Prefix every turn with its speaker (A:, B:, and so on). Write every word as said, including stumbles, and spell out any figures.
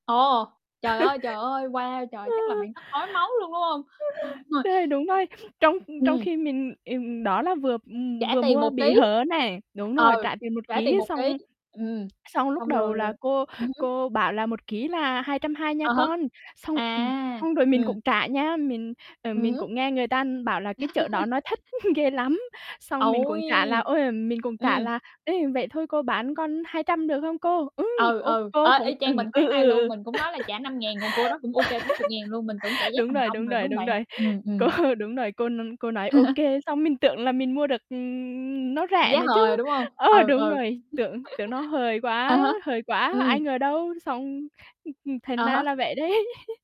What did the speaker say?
A: Ồ, trời ơi, trời ơi, wow! Trời, chắc là bạn tức ói máu luôn, đúng hông? Đúng rồi.
B: Đây, đúng vậy. Trong trong
A: Ừm.
B: khi mình, ừm, đó là vừa, ừm,
A: Trả
B: vừa
A: tiền
B: mua
A: một
B: bị
A: kí.
B: hớ này đúng
A: Ừ,
B: rồi, trả tiền một
A: trả tiền
B: kí
A: một kí,
B: xong,
A: ừm,
B: xong lúc
A: xong
B: đầu
A: rồi là
B: là cô
A: ừm hứm.
B: cô bảo là "Một kí là hai trăm hai nha
A: À há.
B: con." Xong ừm,
A: À!
B: xong rồi mình
A: Ừm.
B: cũng trả nha, mình à,
A: Ừm
B: mình
A: hứm.
B: cũng nghe người ta bảo là cái chợ đó nói thách ghê lắm, xong mình cũng trả là,
A: Ôi!
B: ôi, mình cũng trả
A: Ừm.
B: là "Ê, vậy thôi cô bán con hai trăm được không cô?" Ừm,
A: Ừ,
B: ô,
A: ừ, ê,
B: cô cũng
A: y
B: ừm,
A: chang mình
B: ừ,
A: sáng
B: ừ,
A: nay luôn,
B: ừ,
A: mình cũng nói là trả năm ngàn còn cô đó cũng OK chín chục ngàn luôn, mình tưởng trả giá
B: đúng
A: thành
B: rồi,
A: công
B: đúng
A: rồi, đúng
B: rồi,
A: hông
B: đúng
A: bạn?
B: rồi,
A: Ừm,
B: cô
A: ừm.
B: đúng rồi, cô n cô nói: "OK." Xong mình tưởng là mình mua được, ừm, nó rẻ
A: Giá
B: nữa chứ,
A: hời, đúng hông?
B: ờ,
A: Ừ,
B: đúng
A: ừ.
B: rồi, tưởng tưởng nó hời
A: À
B: quá
A: há,
B: hời quá,
A: ừm.
B: ai ngờ đâu, xong ừm, ừm,
A: À
B: thành ra là
A: há.
B: vậy đấy.